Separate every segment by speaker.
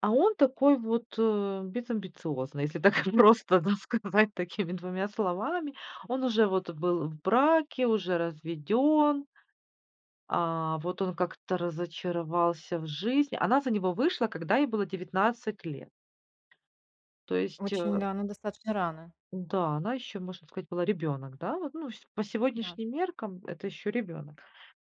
Speaker 1: А он такой вот, э, безамбициозный, если так просто, да, сказать такими 2 словами. Он уже вот был в браке, уже разведен. А. Вот он как-то разочаровался в жизни. Она за него вышла, когда ей было 19 лет. То есть,
Speaker 2: Очень
Speaker 1: э
Speaker 2: да, ну, достаточно рано.
Speaker 1: Да, она, еще можно сказать, была ребенок, да, вот, ну, по
Speaker 2: Да.
Speaker 1: сегодняшним меркам это еще ребенок.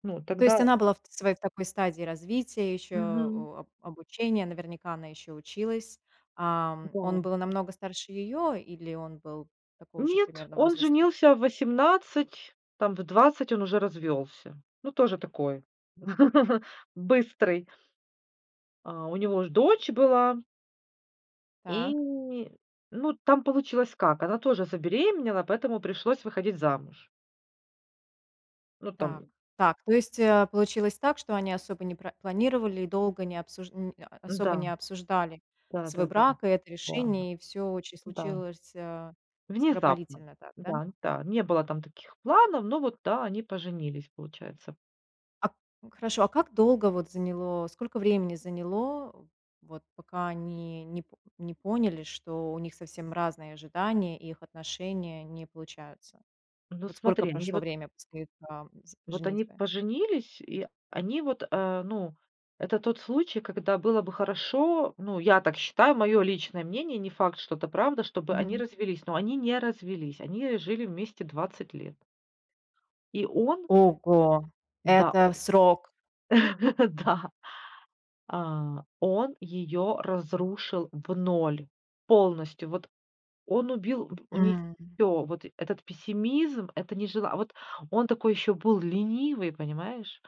Speaker 1: Ну, а,
Speaker 2: То
Speaker 1: тогда
Speaker 2: есть она была в своей такой стадии развития ещё,
Speaker 1: Мгм.
Speaker 2: а, об обучения. Наверняка она ещё и училась. Ам,
Speaker 1: Да.
Speaker 2: он был намного старше её или он был такого же
Speaker 1: Нет,
Speaker 2: примерно
Speaker 1: он
Speaker 2: возраста?
Speaker 1: женился в 18, там в 20 он уже развелся. Ну, тоже такой быстрый. А у него уже дочь была. И,
Speaker 2: Так.
Speaker 1: ну, там получилось как: она тоже забеременела, поэтому пришлось выходить замуж. Ну,
Speaker 2: Так
Speaker 1: там
Speaker 2: так. То есть, э, получилось так, что они особо не пра не планировали и долго не обсужд не, а, особо
Speaker 1: Да.
Speaker 2: не обсуждали
Speaker 1: Да
Speaker 2: свой
Speaker 1: да да
Speaker 2: брак и это
Speaker 1: да
Speaker 2: решение. И всё очень
Speaker 1: да.
Speaker 2: случилось, а,
Speaker 1: Внезапно.
Speaker 2: скоропалительно так, да?
Speaker 1: Да, да. Не было там таких планов, но вот, да, они поженились, получается.
Speaker 2: А, п Хорошо, а как долго вот заняло, сколько времени заняло, вот пока они не по не поняли, что у них совсем разные ожидания, и их отношения не получаются?
Speaker 1: Ну
Speaker 2: Вот сколько
Speaker 1: смотри, они
Speaker 2: прошло
Speaker 1: вот
Speaker 2: время после, там, с
Speaker 1: вот они
Speaker 2: женитьбы?
Speaker 1: поженились, и они вот, э, ну, это тот случай, когда было бы хорошо ну, я так считаю, мое личное мнение, не факт, что это правда, чтобы они
Speaker 2: Мгм.
Speaker 1: развелись. Но они не развелись, они жили вместе 20 лет. И он
Speaker 2: Ого,
Speaker 1: Да,
Speaker 2: это
Speaker 1: о
Speaker 2: срок.
Speaker 1: да, а, он ее разрушил в 0 полностью. Вот. Он убил в у неё
Speaker 2: М.
Speaker 1: всё. Вот. Этот пессимизм, это нежелание А, вот он такой ещё был ленивый, понимаешь?